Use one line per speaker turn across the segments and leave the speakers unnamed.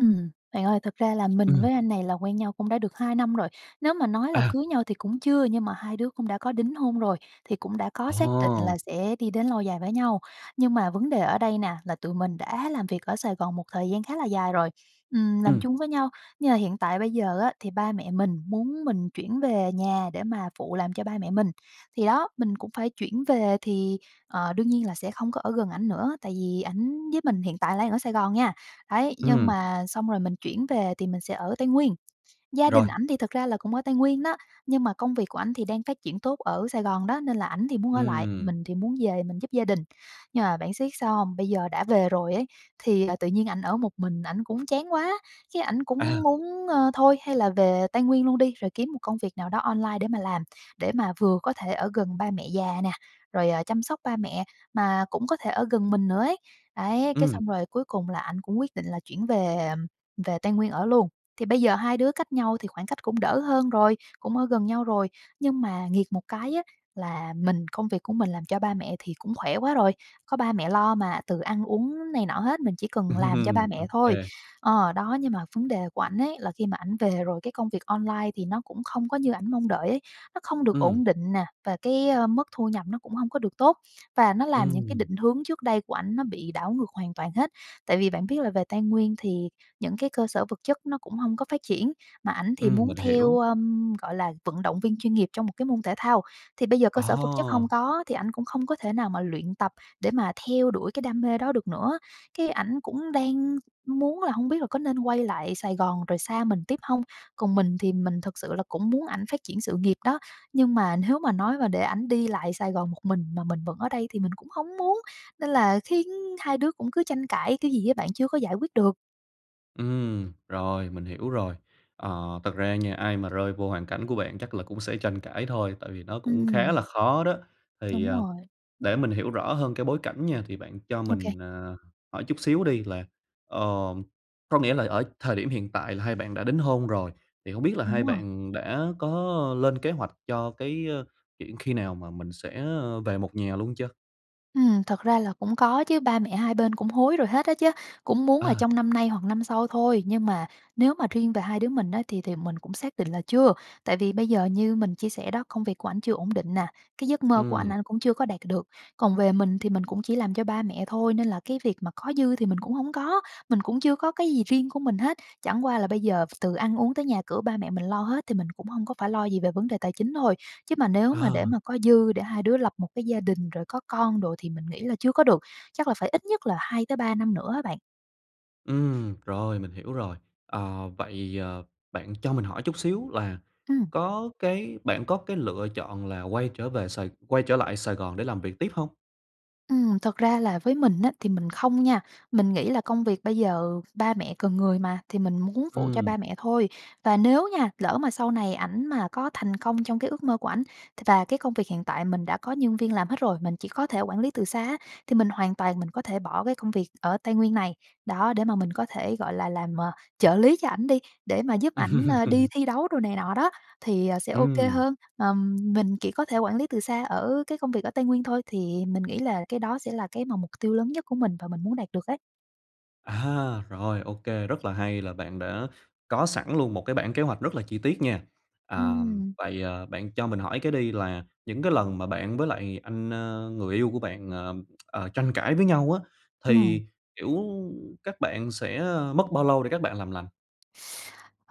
Ừm. Bạn ơi, thật ra là mình
Ừm.
với anh này là quen nhau cũng đã được 2 năm rồi. Nếu mà nói là
À.
cưới nhau thì cũng chưa, nhưng mà hai đứa cũng đã có đính hôn rồi, thì cũng đã có xác định
Ồ.
là sẽ đi đến lâu dài với nhau. Nhưng mà vấn đề ở đây nè, là tụi mình đã làm việc ở Sài Gòn một thời gian khá là dài rồi, ừm, làm
Ừm.
chung với nhau. Nhưng mà hiện tại bây giờ á, thì ba mẹ mình muốn mình chuyển về nhà để mà phụ làm cho ba mẹ mình. Thì đó, mình cũng phải chuyển về, thì, ờ, đương nhiên là sẽ không có ở gần ảnh nữa, tại vì ảnh với mình hiện tại là đang ở Sài Gòn nha, đấy. Nhưng
Ừm.
mà xong rồi mình chuyển về thì mình sẽ ở Tây Nguyên. Gia
Rồi.
đình ảnh thì thật ra là cũng ở Tây Nguyên đó, nhưng mà công việc của ảnh thì đang phát triển tốt ở Sài Gòn đó, nên là ảnh thì muốn ở lại,
Ừm.
mình thì muốn về mình giúp gia đình. Nhưng mà bạn siết sao hông? Bây giờ đã về rồi ấy thì, à, tự nhiên ảnh ở một mình ảnh cũng chán quá, cái ảnh
À.
cũng muốn, ờ, thôi, hay là về Tây Nguyên luôn đi rồi kiếm một công việc nào đó online để mà làm, để mà vừa có thể ở gần ba mẹ già nè, rồi, ờ, chăm sóc ba mẹ, mà cũng có thể ở gần mình nữa ấy, đấy. Cái
Ừm.
xong rồi, cuối cùng là ảnh cũng quyết định là chuyển về, ừm, về Tây Nguyên ở luôn. Thì bây giờ hai đứa cách nhau thì khoảng cách cũng đỡ hơn rồi, cũng ở gần nhau rồi. Nhưng mà nghiệt một cái á, là mình công việc của mình làm cho ba mẹ thì cũng khỏe quá rồi, có ba mẹ lo mà, từ ăn uống này nọ hết, mình chỉ cần làm cho ba mẹ thôi.
OK.
Ờ, đó, nhưng mà vấn đề của ảnh ấy là khi mà ảnh về rồi cái công việc online thì nó cũng không có như ảnh mong đợi ấy. Nó không được ổn
Ừm.
định nè và cái, ờ, mức thu nhập nó cũng hông có được tốt. Và nó làm những cái
Ừm.
định hướng trước đây của ảnh nó bị đảo ngược hoàn toàn hết. Tại vì bạn biết là về Tây Nguyên thì những cái cơ sở vật chất nó cũng hông có phát triển, mà ảnh thì
Ừm,
muốn
mình
theo,
hiểu.
ờ, gọi là vận động viên chuyên nghiệp trong một cái môn thể thao. Thì bây giờ cơ sở vật chất
Ờ.
hông có thì ảnh cũng không có thể nào mà luyện tập để mà theo đuổi cái đam mê đó được nữa. Cái ảnh cũng đang muốn là hông biết là có nên quay lại Sài Gòn rồi xa mình tiếp hông. Còn mình thì mình thực sự là cũng muốn ảnh phát triển sự nghiệp đó, nhưng mà nếu mà nói mà để ảnh đi lại Sài Gòn một mình mà mình vẫn ở đây thì mình cũng hông muốn. Nên là khiến hai đứa cũng cứ tranh cãi kiểu gì á bạn, chưa có giải quyết được.
Ừm, rồi, mình hiểu rồi. Ờ, thật ra nha, ai mà rơi vô hoàn cảnh của bạn chắc là cũng sẽ tranh cãi thôi, tại vì nó cũng khá
Ừm.
là khó đó. Thì,
Đúng
à,
rồi.
để mình hiểu rõ hơn cái bối cảnh nha, thì bạn cho
OK.
mình, ờ, hỏi chút xíu đi, là, ờ, có nghĩa là ở thời điểm hiện tại là hai bạn đã đính hôn rồi, thì hông biết là
Đúng
hai
rồi.
bạn đã có lên kế hoạch cho cái, ơ, chuyện khi nào mà mình sẽ, ơ, về một nhà luôn chưa?
Ừm, thật ra là cũng có chứ, ba mẹ hai bên cũng hối rồi hết á chứ, cũng muốn là
À.
trong năm nay hoặc năm sau thôi. Nhưng mà nếu mà riêng về hai đứa mình á, thì thì mình cũng xác định là chưa, tại vì bây giờ như mình chia sẻ đó, công việc của ảnh chưa ổn định nè, cái giấc mơ của ảnh
Ừm.
ảnh cũng chưa có đạt được. Còn về mình thì mình cũng chỉ làm cho ba mẹ thôi, nên là cái việc mà có dư thì mình cũng hổng có, mình cũng chưa có cái gì riêng của mình hết, chẳng qua là bây giờ từ ăn uống tới nhà cửa, ba mẹ mình lo hết thì mình cũng hông có phải lo gì về vấn đề tài chính thôi. Chứ mà nếu mà để
À.
mà có dư để hai đứa lập một cái gia đình, rồi có con đồ thì mình nghĩ là chưa có được, chắc là phải ít nhất là 2-3 năm nữa á bạn.
Ừm, rồi, mình hiểu rồi. Ờ, vậy, ờ, bạn cho mình hỏi chút xíu là
Ừm.
có cái bạn có cái lựa chọn là quay trở về Sài quay trở lại Sài Gòn để làm việc tiếp hông?
Ừm, thật ra là với mình á, thì mình không nha. Mình nghĩ là công việc bây giờ ba mẹ cần người mà, thì mình muốn phụ cho
Ừm.
ba mẹ thôi, và nếu nha, lỡ mà sau này ảnh mà có thành công trong cái ước mơ của ảnh th và cái công việc hiện tại mình đã có nhân viên làm hết rồi. Mình chỉ có thể quản lý từ xa á, thì mình hoàn toàn mình có thể bỏ cái công việc ở Tây Nguyên này, đó để mà mình có thể, gọi là, làm, ờ, trợ lý cho ảnh đi, để mà giúp ảnh, ờ, đi thi đấu đồ này nọ đó thì, ờ, sẽ OK
Ừm.
hơn. Ờm, mình chỉ có thể quản lý từ xa ở cái công việc ở Tây Nguyên thôi, thì mình nghĩ là cái đó sẽ là cái mà mục tiêu lớn nhất của mình và mình muốn đạt được ấy.
À, rồi, OK, rất là hay là bạn đã có sẵn luôn một cái bảng kế hoạch rất là chi tiết nha. À,
Ừm.
vậy, ờ, bạn cho mình hỏi cái đi, là những cái lần mà bạn với lại anh, ơ, người yêu của bạn, ờm, ờ, tranh cãi với nhau á,
Ừm.
thì, kiểu, các bạn sẽ, ơ, mất bao lâu để các bạn làm lành?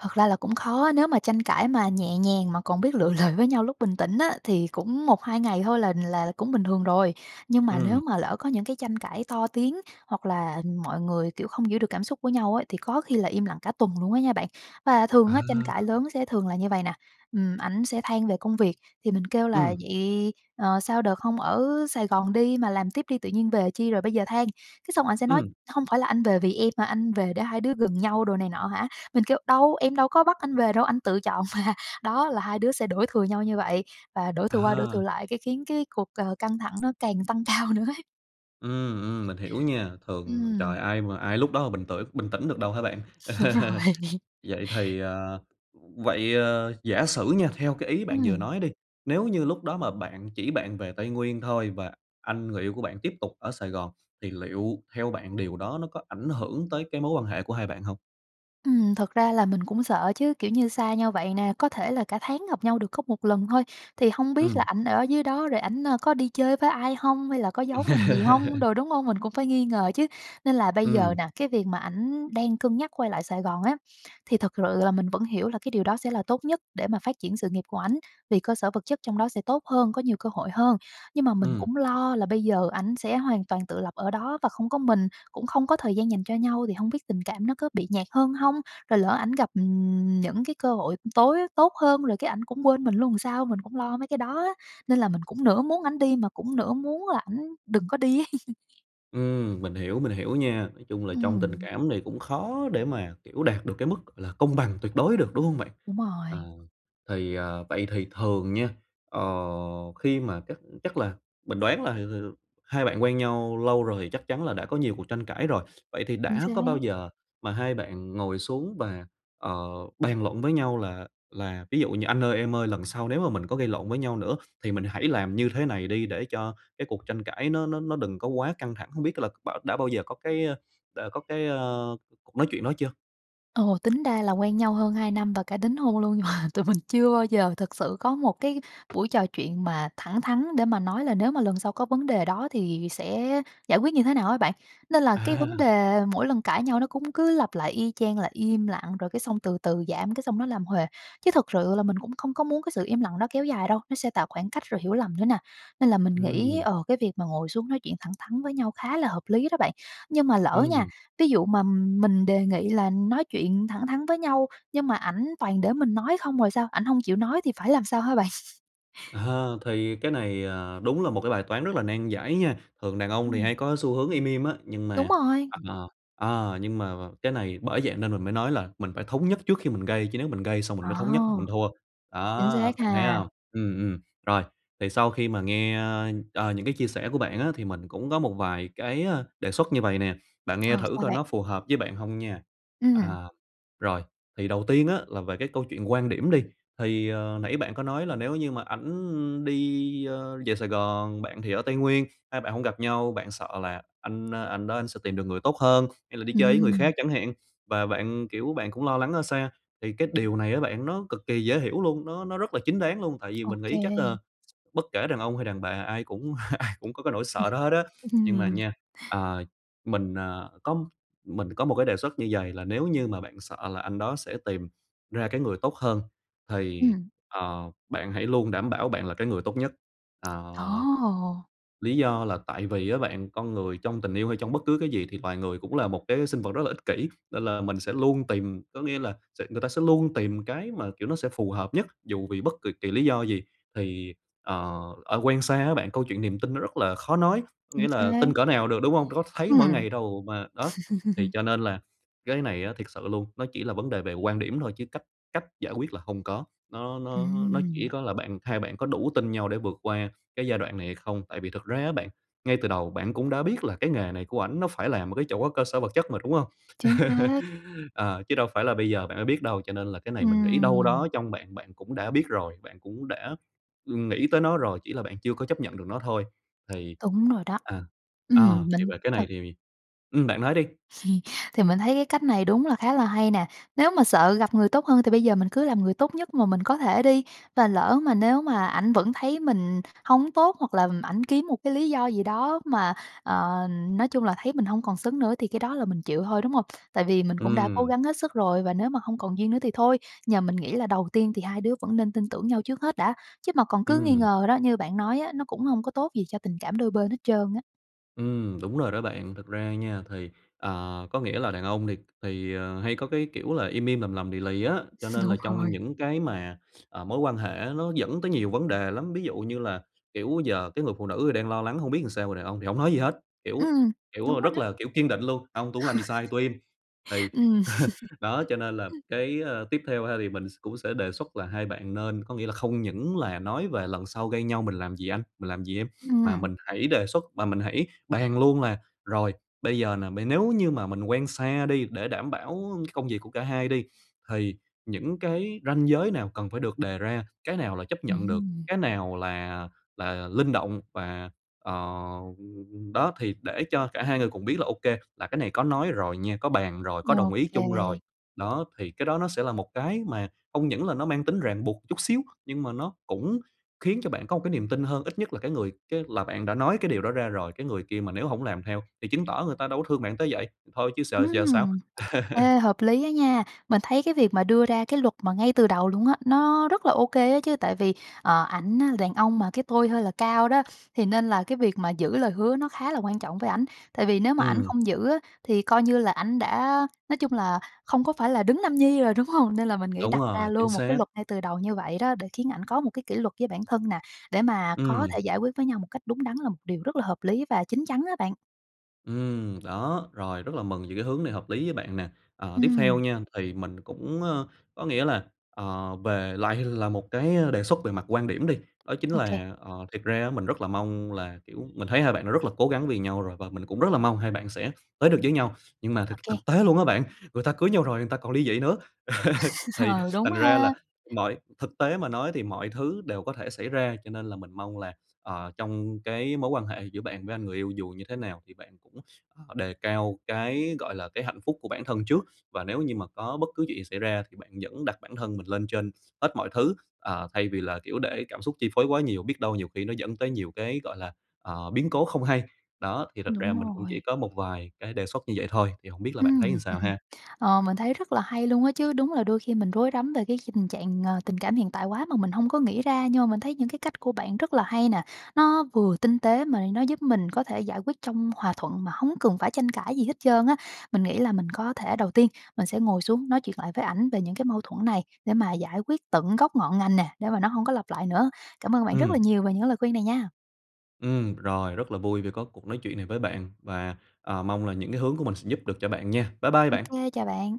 Thật ra là cũng khó á, nếu mà tranh cãi mà nhẹ nhàng mà còn biết lựa lời với nhau lúc bình tĩnh á, thì cũng 1,2 ngày thôi là là cũng bình thường rồi. Nhưng mà nếu
Ừm.
mà lỡ có những cái tranh cãi to tiếng hoặc là, ừm, mọi người, kiểu, không giữ được cảm xúc của nhau á, thì có khi là im lặng cả tuần luôn á nha bạn. Và
À.
thường á, tranh cãi lớn sẽ thường là như vậy nè, ừm, ảnh sẽ than về công việc, thì mình kêu là
Ừm.
"Vậy, ờ, sao đợt hông ở Sài Gòn đi mà làm tiếp đi, tự nhiên về chi rồi bây giờ than?" Cái xong anh sẽ nói:
Ừm.
"Hông phải là anh về vì em mà, anh về để hai đứa gần nhau đồ này nọ hả?" Mình kêu: "Đâu, em đâu có bắt anh về đâu, anh tự chọn mà." Đó, là hai đứa sẽ đổ thừa nhau như vậy, và đổ thừa qua đổ thừa
À.
lại, cái khiến cái cuộc, ờ, căng thẳng nó càng tăng cao nữa ấy.
Ừm, ừm, mình hiểu nha, thường,
Ừm.
trời, ai mà ai lúc đó mà bình tĩnh bình tĩnh được đâu hả bạn?
Đúng rồi.
Vậy thì, ờ vậy, ờ, giả sử nha, theo cái ý bạn vừa
Ừm.
nói đi, nếu như lúc đó mà bạn chỉ bạn về Tây Nguyên thôi và anh người yêu của bạn tiếp tục ở Sài Gòn, thì liệu theo bạn, điều đó nó có ảnh hưởng tới cái mối quan hệ của hai bạn hông?
Ừm, thật ra là mình cũng sợ chứ, kiểu như, xa nhau vậy nè, có thể là cả tháng gặp nhau được có 1 lần thôi, thì hông biết là
Ừm.
ảnh ở dưới đó rồi ảnh, à, có đi chơi với ai hông hay là có
Ừm.
giấu mình gì hông đồ, đúng hông? Mình cũng phải nghi ngờ chứ. Nên là bây giờ
Ừm.
nà, cái việc mà ảnh đang cân nhắc quay lại Sài Gòn á, thì thực sự là mình vẫn hiểu là cái điều đó sẽ là tốt nhất để mà phát triển sự nghiệp của ảnh, vì cơ sở vật chất trong đó sẽ tốt hơn, có nhiều cơ hội hơn. Nhưng mà mình
Ừm.
cũng lo là bây giờ ảnh sẽ hoàn toàn tự lập ở đó và không có mình, cũng không có thời gian dành cho nhau thì hông biết tình cảm nó có bị nhạt hơn hông, rồi lỡ ảnh gặp, ừm, những cái cơ hội tối á tốt hơn rồi cái ảnh cũng quên mình luôn làm sao, mình cũng lo mấy cái đó á. Nên là mình cũng nửa muốn ảnh đi mà cũng nửa muốn là ảnh đừng có đi ấy.
Ừm, mình hiểu, mình hiểu nha. Nói chung là trong tình
Ừm.
cảm này cũng khó để mà, kiểu, đạt được cái mức, gọi là, công bằng tuyệt đối được, đúng hông bạn?
Đúng
Ờ.
rồi.
Thì, ờ, vậy thì thường nha, ờ, khi mà chắc chắc là mình đoán là, ừm, ừm, hai bạn quen nhau lâu rồi, thì chắc chắn là đã có nhiều cuộc tranh cãi rồi. Vậy thì
Chính
đã có bao
xác.
giờ mà hai bạn ngồi xuống và, ờ, bàn luận với nhau là là ví dụ như anh ơi, em ơi lần sau nếu mà mình có gây lộn với nhau nữa, thì mình hãy làm như thế này đi để cho cái cuộc tranh cãi nó nó nó đừng có quá căng thẳng. Hông biết là bã đã bao giờ có cái, a, đã có cái, a, cuộc nói chuyện đó chưa?
Ồ, tính ra là quen nhau hơn 2 năm và cả đính hôn luôn mà tụi mình chưa bao giờ thực sự có một cái buổi trò chuyện mà thẳng thắn để mà nói là nếu mà lần sau có vấn đề đó thì sẽ giải quyết như thế nào á bạn. Nên là cái vấn
À!
đề mỗi lần cãi nhau nó cũng cứ lặp lại y chang, là im lặng, rồi cái xong từ từ giảm cái xong nó làm huề. Chứ thực sự là mình cũng không có muốn cái sự im lặng đó kéo dài đâu, nó sẽ tạo khoảng cách rồi hiểu lầm nữa nè. Nên là mình nghĩ,
Ừm.
ờ, cái việc mà ngồi xuống nói chuyện thẳng thắn với nhau khá là hợp lý đó bạn. Nhưng mà lỡ nha,
Ừm.
ví dụ mà mình đề nghị là nói chuyện thẳng thắn với nhau, nhưng mà ảnh toàn để mình nói không rồi sao, ảnh hông chịu nói thì phải làm sao hả bạn?
Ờ, thì cái này, ờ, đúng là một cái bài toán rất là nan giải nha. Thường đàn ông thì
Ừm.
hay có xu hướng im im á, nhưng
Đúng
mà
rồi.
ờ, ờ, nhưng mà mà cái này bởi vậy nên mình mới nói là mình phải thống nhất trước khi mình gây, chứ nếu mình gây xong mình
À!
mới thống nhất là mình thua.
Chính
Đó,
xác
bạn thấy
ha.
hông? Ừm, ừm. Rồi. Thì sau khi mà nghe, a, ờ, những cái chia sẻ của bạn á, thì mình cũng có một vài cái, a, đề xuất như vậy nè, bạn nghe
Ờ,
thử
sao
coi
bạn?
nó phù hợp với bạn hông nha.
Ừm.
À. Rồi. Thì đầu tiên á là về cái câu chuyện quan điểm đi, thì, ờ, nãy bạn có nói là nếu như mà ảnh đi, ơ, về Sài Gòn, bạn thì ở Tây Nguyên, hai bạn hông gặp nhau, bạn sợ là anh, ơ, anh đó anh sẽ tìm được người tốt hơn, hay là đi chơi với người khác
Ừm.
chẳng hạn, và bạn, kiểu, bạn cũng lo lắng ở xa thì cái điều này á bạn nó cực kỳ dễ hiểu luôn, nó nó rất là chính đáng luôn, tại vì
Ô
mình nghĩ chắc
kê.
là bất kể đàn ông hay đàn bà ai cũng ai cũng có cái nỗi
Ừm,
sợ đó hết á.
ừm
Nhưng mà
hừm.
nha, à, mình, à, có mình có một cái đề xuất như vầy, là nếu như mà bạn sợ là anh đó sẽ tìm ra cái người tốt hơn, thì,
Ừm.
ờ, bạn hãy luôn đảm bảo bạn là cái người tốt nhất. Ờ.
Ồ!
Lý do là tại vì á bạn, con người trong tình yêu hay trong bất cứ cái gì, thì loài người cũng là một cái sinh vật rất là ích kỷ, nên là mình sẽ luôn tìm, có nghĩa là sẽ người ta sẽ luôn tìm cái mà, kiểu, nó sẽ phù hợp nhất, dù vì bất kỳ kỳ lý do gì. Thì, ờ, ờ, quen xa á bạn câu chuyện niềm tin nó rất là khó nói, có
Chính
nghĩa là
xác.
tin cỡ nào được, đúng hông? Có thấy mỗi
Ừm.
ngày đâu mà, đó, thì cho nên là cái này á thiệt sự luôn, nó chỉ là vấn đề về quan điểm thôi chứ cách cách giải quyết là hông có, nó nó nó chỉ
Ừm.
có là bạn hai bạn có đủ tin nhau để vượt qua cái giai đoạn này hay không. Tại vì thực ra á bạn, ngay từ đầu bạn cũng đã biết là cái nghề này của ảnh nó phải làm một cái chỗ cơ sở vật chất mà, đúng hông?
Chính xác.
Ờ, chứ đâu phải là bây giờ bạn mới biết đâu. Cho nên là cái này mình nghĩ đâu
Ừm.
đó trong bạn, bạn cũng đã biết rồi, bạn cũng đã ưm, nghĩ tới nó rồi, chỉ là bạn chưa có chấp nhận được nó thôi. Thì
Đúng rồi đó.
à, à,
Ừm,
thì
đỉnh
về cái
thật.
này thì ừm, bạn nói đi.
Thì mình thấy cái cách này đúng là khá là hay nè. Nếu mà sợ gặp người tốt hơn thì bây giờ mình cứ làm người tốt nhất mà mình có thể đi, và lỡ mà nếu mà ảnh vẫn thấy mình hông tốt, hoặc là ảnh kiếm một cái lý do gì đó mà, ờ, nói chung là thấy mình hông còn xứng nữa, thì cái đó là mình chịu thôi, đúng hông? Tại vì mình cũng đã cố
Ừm.
gắng hết sức rồi, và nếu mà hông còn duyên nữa thì thôi. Nhờ mình nghĩ là đầu tiên thì hai đứa vẫn nên tin tưởng nhau trước hết đã, chứ mà còn cứ nghi
Ừm.
ngờ đó, như bạn nói á, nó cũng hông có tốt gì cho tình cảm đôi bên hết trơn á.
Ừm, đúng rồi đó bạn. Thực ra nha, thì, ờ, có nghĩa là đàn ông thì thì, ờ, hay có cái kiểu là im im, lầm lầm lì lì á, cho nên là
Đúng
trong
rồi.
những cái mà, ờ, mối quan hệ nó dẫn tới nhiều vấn đề lắm. Ví dụ như là, kiểu, giờ cái người phụ nữ thì đang lo lắng hông biết làm sao mà đàn ông thì hổng nói gì hết, kiểu,
Ừm,
kiểu,
đúng rồi
rất
đó.
là, kiểu, kiên định luôn: "Hông, tui hổng làm gì sai, tui im." Thì
Ừm.
đó, cho nên là cái, ờ, tiếp theo ha, thì mình s cũng sẽ đề xuất là hai bạn nên có nghĩa là không những là nói về "Lần sau gây nhau mình làm gì anh? Mình làm gì em?" mà
Ừm.
mình hãy đề xuất, mà mình hãy bàn luôn là rồi bây giờ nè, m nếu như mà mình quen xa đi, để đảm bảo công việc của cả hai đi, thì những cái ranh giới nào cần phải được đề ra, cái nào là chấp nhận được,
Ừm.
cái nào là là linh động và, ờ, đó, thì để cho cả hai người cùng biết là ô kê, là cái này có nói rồi nha, có bàn rồi, có
Ô
đồng ý
kê.
chung rồi. Đó, thì cái đó nó sẽ là một cái mà không những là nó mang tính ràng buộc chút xíu, nhưng mà nó cũng khiến cho bạn có một cái niềm tin hơn, ít nhất là cái người cái là bạn đã nói cái điều đó ra rồi, cái người kia mà nếu hổng làm theo thì chứng tỏ người ta đâu có thương bạn tới vậy, thôi chứ s giờ sao.
Ừm. Ê, hợp lý á nha, mình thấy cái việc mà đưa ra cái luật mà ngay từ đầu luôn á, nó rất là ô kê á chứ, tại vì, ờ, ảnh á là đàn ông mà cái tôi hơi là cao đó, thì nên là cái việc mà giữ lời hứa nó khá là quan trọng với ảnh, tại vì nếu mà ảnh
Ừm.
không giữ á thì coi như là ảnh đã nói chung là không có phải là đấng nam nhi rồi, đúng hông? Nên là mình nghĩ
Đúng
đặt ra
rồi, chính
luôn một cái
xác.
luật ngay từ đầu như vậy đó để khiến ảnh có một cái kỷ luật với bản thân nè, để mà có
Ừm.
thể giải quyết với nhau một cách đúng đắn là một điều rất là hợp lý và chín chắn á bạn.
Ừm, đó, rồi rất là mừng về cái hướng này hợp lý với bạn nè. Ờ, tiếp theo
Ừm.
nha thì mình cũng, ơ có nghĩa là, ờ, về lại là một cái đề xuất về mặt quan điểm đi, đó chính
Ô kê.
là, ờ, thiệt ra á mình rất là mong là, kiểu mình thấy hai bạn đã rất là cố gắng vì nhau rồi và mình cũng rất là mong hai bạn sẽ tới được với nhau. Nhưng mà
Ô
thực
kê.
thực tế luôn á bạn, người ta cưới nhau rồi người ta còn lý dị nữa, thì
Ờ, đúng
thành ra là
ha.
mọi thực tế mà nói thì mọi thứ đều có thể xảy ra. Cho nên là mình mong là, ờ, trong cái mối quan hệ giữa bạn với anh người yêu dù như thế nào thì bạn cũng, ờ, đề cao cái, gọi là, cái hạnh phúc của bản thân trước. Và nếu như mà có bất cứ chuyện gì xảy ra thì bạn vẫn đặt bản thân mình lên trên hết mọi thứ, ờ, thay vì là, kiểu, để cảm xúc chi phối quá nhiều, biết đâu nhiều khi nó dẫn tới nhiều cái, gọi là, ờ, biến cố không hay. Đó thì thật ra
Đúng
mình cũng chỉ
rồi.
có một vài cái đề xuất như vậy thôi. Thì hổng biết là bạn thấy
Ừm.
sao ha?
Ờ, mình thấy rất là hay luôn á chứ, đúng là đôi khi mình rối rắm về cái hình trạng, ờ, tình cảm hiện tại quá mà mình hông có nghĩ ra. Nhưng mà mình thấy những cái cách của bạn rất là hay nè, nó vừa tinh tế mà nó giúp mình có thể giải quyết trong hòa thuận mà hông cần phải tranh cãi gì hết trơn á. Mình nghĩ là mình có thể đầu tiên mình sẽ ngồi xuống nói chuyện lại với ảnh về những cái mâu thuẫn này để mà giải quyết tận gốc ngọn ngành nè, để mà nó hông có lặp lại nữa. Cảm ơn bạn rất
Ừm.
là nhiều về những lời khuyên này nha.
Ừm, rồi rất là vui vì có cuộc nói chuyện này với bạn và, ờ, mong là những cái hướng của mình sẽ giúp được cho bạn nha. Bye bye
Ô
bạn.
kê, chào bạn.